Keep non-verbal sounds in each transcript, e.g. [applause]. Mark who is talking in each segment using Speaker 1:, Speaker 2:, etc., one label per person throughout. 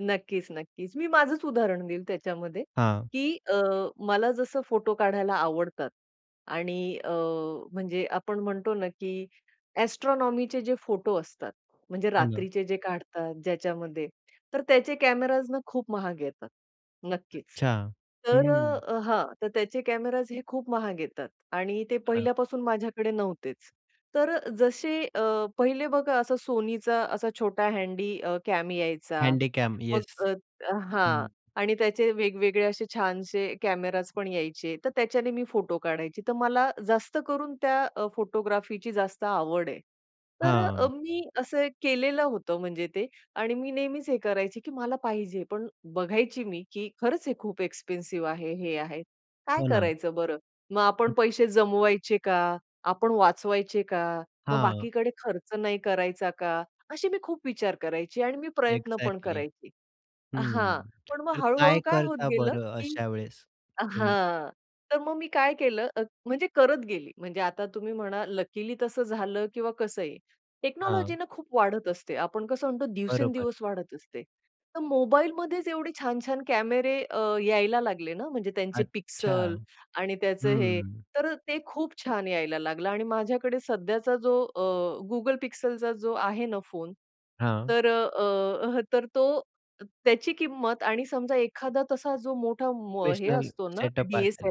Speaker 1: नक्कीच, नक्कीच. मी माझंच उदाहरण देईल त्याच्यामध्ये
Speaker 2: हां.
Speaker 1: की अ, मला जसं फोटो काढायला आवडतात आणि अ, म्हणजे आपण म्हणतो ना, की एस्ट्रोनॉमीचे जे फोटो असतात, म्हणजे
Speaker 2: हो ना.
Speaker 1: रात्रीचे जे काढतात ज्याच्यामध्ये, तर त्याचे कॅमेराज ना खूप महाग येतात. नक्कीच.
Speaker 2: अच्छा, हं.
Speaker 1: तर
Speaker 2: हं.
Speaker 1: अ, हां. तर त्याचे कॅमेराज हे खूप महाग येतात आणि ते
Speaker 2: हां.
Speaker 1: पहिल्यापासून माझ्याकडे नव्हतेच. तर जसे अ, पहिले बघा असा SONYचा असा छोटा हँडी अ, कॅम यायचा.
Speaker 2: हँडीकॅम
Speaker 1: मग
Speaker 2: येस. हं.
Speaker 1: हां. आणि त्याचे वेगवेगळे असे छानसे कॅमेरास पण यायचे. तर त्याच्याने मी फोटो काढायची. तर मला जास्त करून त्या अ, फोटोग्राफीची जास्त आवड आहे. तर अ,
Speaker 2: हां.
Speaker 1: मी असं केलेलं होतं म्हणजे ते. आणि मी नेहमीच हे करायची की मला पाहिजे, पण बघायची मी की "खरंच हे खूप एक्सपेन्सिव्ह आहे. हे आहे. काय
Speaker 2: हो ना.
Speaker 1: करायचं बरं? मग आपण पैसे जमवायचे का? आपण वाचवायचे का? मग
Speaker 2: हां.
Speaker 1: बाकीकडे खर्च नाही करायचा का?" अशी मी खूप विचार करायची आणि मी प्रयत्न पण
Speaker 2: एक्झॅक्टली.
Speaker 1: करायची.
Speaker 2: हं,
Speaker 1: हां. पण मग
Speaker 2: तर काय
Speaker 1: हळू-हळू काय होत
Speaker 2: करता
Speaker 1: गेलं,
Speaker 2: बरं
Speaker 1: की
Speaker 2: अशा वेळेस तुम्ही?
Speaker 1: हां, तर मग मी काय केलं म म्हणजे करत गेली. म्हणजे आता तुम्ही म्हणा लकिली तसं झालं किंवा कसंही.
Speaker 2: हां.
Speaker 1: टेक्नॉलॉजीना खूप वाढत असते. आपण कसं म्हणतो
Speaker 2: बरोबर.
Speaker 1: दिवसेंदिवस वाढत असते. तर मोबाईलमध्येच एवढे छान-छान कॅमेरे अ, यायला लागले ना, म्हणजे त्यांचे
Speaker 2: अच्छा,
Speaker 1: पिक्सल आणि त्याचं हे.
Speaker 2: हं.
Speaker 1: तर ते खूप छान यायला लागलं आणि माझ्याकडे सध्याचा जो अ, Google पिक्सलचा जो आहे ना फोन,
Speaker 2: हां.
Speaker 1: तर अ, अ, तर तो त्याची किंमत आणि समजा एखादा तसा जो मोठा व हे
Speaker 2: प्रोफेशनल
Speaker 1: असतो ना
Speaker 2: सेटअप असेल,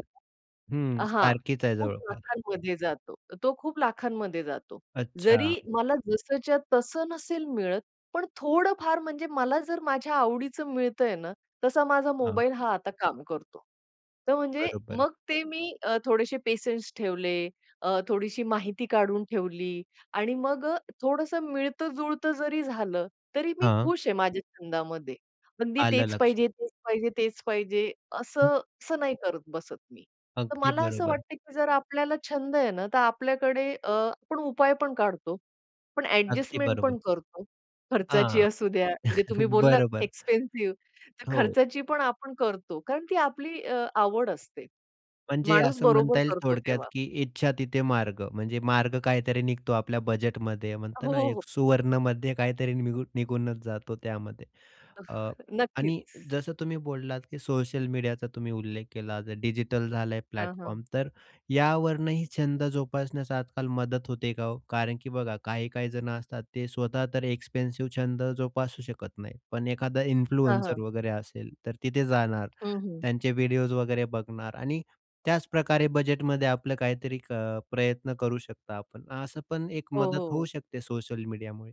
Speaker 2: हं.
Speaker 1: हां.
Speaker 2: सारखीच आहे
Speaker 1: खूप
Speaker 2: जवळपास.
Speaker 1: लाखांमध्ये जातो. तो खूप लाखांमध्ये जातो. जरी
Speaker 2: अच्छा.
Speaker 1: मला जसच्या तसं नसेल मिळत, पण थोडंफार म्हणजे मला जर माझ्या आवडीच मिळतय ना, तसा माझा
Speaker 2: हां.
Speaker 1: मोबाईल हा आता काम करतो. तर म्हणजे
Speaker 2: बरोबर.
Speaker 1: मग ते मी अ, थोडेसे पेशन्स ठेवले. अ, थोडीशी माहिती काढून ठेवली आणि मग अ, थोडसं मिळतं-जुळतं जरी झालं, तरी मी
Speaker 2: हां.
Speaker 1: खुश आहे माझ्या छंदामध्ये. पण मी
Speaker 2: आलं
Speaker 1: तेच
Speaker 2: लक्षात.
Speaker 1: पाहिजे, तेच पाहिजे, तेच पाहिजे.
Speaker 2: हं.
Speaker 1: असं, असं नाही करत बसत मी. तर
Speaker 2: अगदी
Speaker 1: मला असं
Speaker 2: बरोबर.
Speaker 1: वाटतं की जर आपल्याला छंद आहे ना, तर आपल्याकडे अ, आपण उपाय पण काढतो. पण
Speaker 2: अगदी
Speaker 1: अ‍ॅडजस्टमेंट
Speaker 2: बरोबर.
Speaker 1: पण करतो. खर्चाची
Speaker 2: हां.
Speaker 1: असू द्या म्हणजे तुम्ही
Speaker 2: [chuckles]
Speaker 1: बोललात
Speaker 2: बरोबर.
Speaker 1: एक्सपेन्सिव्ह. तर
Speaker 2: हो.
Speaker 1: खर्चाची पण आपण करतो. कारण ती आपली अ, आवड असते.
Speaker 2: म्हणजे
Speaker 1: माणूस
Speaker 2: असं
Speaker 1: बरोबर
Speaker 2: म्हणता येईल
Speaker 1: करतो
Speaker 2: थोडक्यात
Speaker 1: तेव्हा.
Speaker 2: की "इच्छा तिथे मार्ग." म्हणजे मार्ग काहीतरी निघतो आपल्या बजेटमध्ये म्हणतात
Speaker 1: हो,
Speaker 2: ना
Speaker 1: हो.
Speaker 2: एक सुवर्णमध्य काहीतरी निघू निघूनचं जातो त्यामध्ये.
Speaker 1: अहं,
Speaker 2: अ,
Speaker 1: नक्कीच.
Speaker 2: आणि जसं तुम्ही बोललात की सोशल मीडियाचा तुम्ही उल्लेख केला. आता डिजिटल झालं आहे
Speaker 1: हां, हां.
Speaker 2: प्लॅटफॉर्म, तर यावरूनही छंद जोपासण्यास आजकाल मदत होते का हो? कारण की बघा काही-काही जणं असतात ते स्वतः तर एक्सपेन्सिव्ह छंद जोपासू शकत नाही. पण एखादा
Speaker 1: हां,
Speaker 2: इन्फ्लुएन्सर
Speaker 1: हां.
Speaker 2: वगैरे असेल तर तिथे जाणार.
Speaker 1: हं, हं.
Speaker 2: त्यांचे व्हिडिओस वगैरे बघणार आणि त्याचप्रकारे बजेटमध्ये आपलं काहीतरी क प्रयत्न करू शकता आपण, असं पण एक
Speaker 1: हो,
Speaker 2: मदत होऊ
Speaker 1: हो.
Speaker 2: शकते सोशल मीडियामुळे.